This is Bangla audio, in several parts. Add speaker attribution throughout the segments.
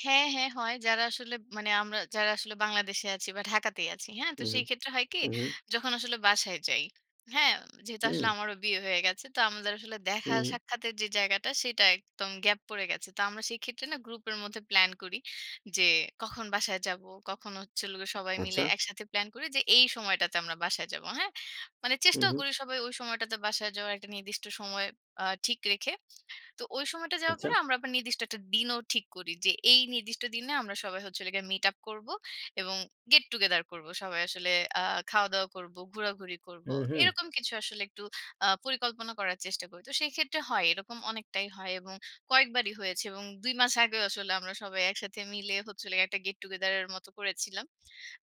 Speaker 1: হ্যাঁ, হ্যাঁ, হয়। যারা আসলে মানে আমরা যারা আসলে বাংলাদেশে আছি বা ঢাকাতেই আছি। হ্যাঁ, তো
Speaker 2: উহু।
Speaker 1: সেইক্ষেত্রে হয় কি?
Speaker 2: উ
Speaker 1: যখন আসলে বাসায় যাই। হ্যাঁ? যেহেতু আসলে
Speaker 2: উম
Speaker 1: আমারও বিয়ে হয়ে গেছে। তো আমাদের আসলে দেখা
Speaker 2: উহু।
Speaker 1: সাক্ষাতের যে জায়গাটা সেটা একদম গ্যাপ পড়ে গেছে। তো আমরা সেইক্ষেত্রে না গ্রুপের মধ্যে প্লান করি। যে কখন বাসায় যাবো, কখন হচ্ছে হলো গিয়ে সবাই
Speaker 2: আচ্ছা।
Speaker 1: মিলে একসাথে প্লান করি যে এই সময়টাতে আমরা বাসায় যাব। হ্যাঁ। মানে চেষ্টাও
Speaker 2: উম
Speaker 1: করি সবাই ওই সময়টাতে বাসায় যাওয়ার একটা নির্দিষ্ট সময় আ ঠিক রেখে। তো ওই সময়টা যাওয়ার পর
Speaker 2: আচ্ছা।
Speaker 1: আমরা আবার নির্দিষ্ট একটা দিনও ঠিক করি। যে এই নির্দিষ্ট দিনে আমরা সবাই হচ্ছে হলো গিয়ে মিট আপ করবো এবং গেট টু গেদার করবো সবাই আসলে। আ খাওয়া-দাওয়া করবো, ঘোরাঘুরি করবো।
Speaker 2: উম
Speaker 1: এরকম কিছু আসলে একটু আ পরিকল্পনা করার চেষ্টা করি। তো সেইক্ষেত্রে হয়। এরকম অনেকটাই হয় এবং কয়েকবারই হয়েছে এবং ২ মাস আগেও আসলে আমরা সবাই একসাথে মিলে হচ্ছে হলো গিয়ে একটা গেট টু গেদার এর মত করেছিলাম।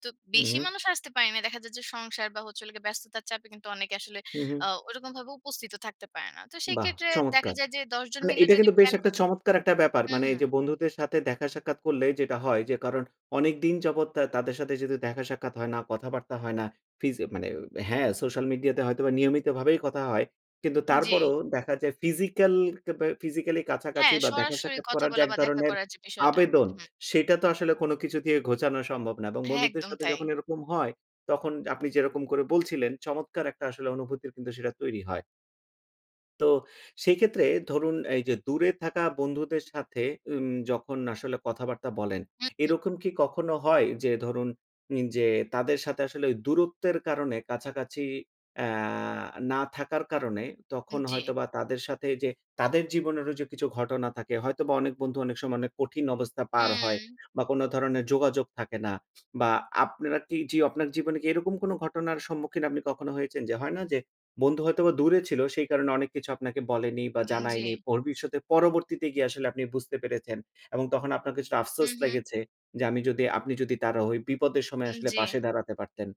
Speaker 1: তো বেশি
Speaker 2: উহু।
Speaker 1: মানুষ আসতে পারে নাই। দেখা যায় যে সংসার বা হচ্ছে হলো গিয়ে ব্যস্ততার চাপে কিন্তু অনেকে আসলে আ
Speaker 2: উহু।
Speaker 1: ওরকমভাবে উপস্থিত ও থাকতে পারে না। তো
Speaker 2: বাহ!
Speaker 1: সেক্ষেত্রে দেখা
Speaker 2: চমৎকার!
Speaker 1: যায় যে ১০ জন
Speaker 2: মানে
Speaker 1: মিলে
Speaker 2: এটা
Speaker 1: যদি
Speaker 2: কিন্তু বেশ
Speaker 1: প্লান
Speaker 2: একটা
Speaker 1: করি
Speaker 2: চমৎকার একটা ব্যাপার
Speaker 1: হু,
Speaker 2: মানে এই
Speaker 1: হু।
Speaker 2: যে বন্ধুদের সাথে দেখা সাক্ষাৎ করলে যেটা হয় যে কারণ অনেক দিন যাবৎ তা তাদের সাথে দেখা সাক্ষাৎ হয় না, কথাবার্তা হয় না। ফিজ মানে হ্যাঁ, সোশ্যাল মিডিয়াতে হয়তোবা নিয়মিত ভাবেই কথা হয়। কিন্তু
Speaker 1: জি।
Speaker 2: তারপরও দেখা যায় ফিজিক্যাল কেবে ফিজিক্যাল কাছাকাছি
Speaker 1: হ্যাঁ,
Speaker 2: বা দেখা
Speaker 1: সরাসরি
Speaker 2: সাক্ষাৎ
Speaker 1: কথা
Speaker 2: করার যে
Speaker 1: বলা
Speaker 2: এক
Speaker 1: বা দেখা
Speaker 2: ধরনের
Speaker 1: করার যে বিষয়টা।
Speaker 2: আবেদন,
Speaker 1: হু, হু।
Speaker 2: সেটা তো আসলে কোন কিছু দিয়ে ঘোচানো সম্ভব না এবং
Speaker 1: হ্যাঁ
Speaker 2: বন্ধুদের
Speaker 1: একদম
Speaker 2: সাথে
Speaker 1: তাই।
Speaker 2: যখন এরকম হয়, তখন আপনি যেরকম করে বলছিলেন, চমৎকার একটা আসলে অনুভূতির কিন্তু সেটা তৈরি হয়। তো সেক্ষেত্রে ধরুন, এই যে দূরে থাকা বন্ধুদের সাথে উম যখন আসলে কথাবার্তা বলেন,
Speaker 1: হুম, হুম।
Speaker 2: এরকম কি কখনো হয় যে ধরুন, উম যে তাদের সাথে আসলে ওই দূরত্বের কারণে কাছাকাছি অ্যা না থাকার কারণে
Speaker 1: উম
Speaker 2: তখন
Speaker 1: জি।
Speaker 2: হয়তোবা তাদের সাথে যে তাদের জীবনেরও যে কিছু ঘটনা থাকে। হয়তোবা অনেক বন্ধু অনেক সময় অনেক কঠিন অবস্থা পার হয়
Speaker 1: উ
Speaker 2: বা কোন ধরনের যোগাযোগ থাকে না। বা আপনারা কি যিও আপনার জীবনে কি এরকম কোন ঘটনার সম্মুখীন আপনি কখনো হয়েছেন? যে, হয়না? যে বন্ধু হয়তোবা দূরে ছিল সেই কারণে অনেক কিছু আপনাকে বলেনি বা
Speaker 1: উম
Speaker 2: জানায়নি।
Speaker 1: জি।
Speaker 2: ভবিষ্যতে পরবর্তীতে গিয়ে আসলে আপনি বুঝতে পেরেছেন এবং তখন আপনার কিছুটা আফসোস
Speaker 1: হুম, হুম।
Speaker 2: লেগেছে যে আমি যদি আপনি যদি তার ওই বিপদের সময়
Speaker 1: উম
Speaker 2: আসলে
Speaker 1: জি।
Speaker 2: পাশে দাঁড়াতে পারতেন।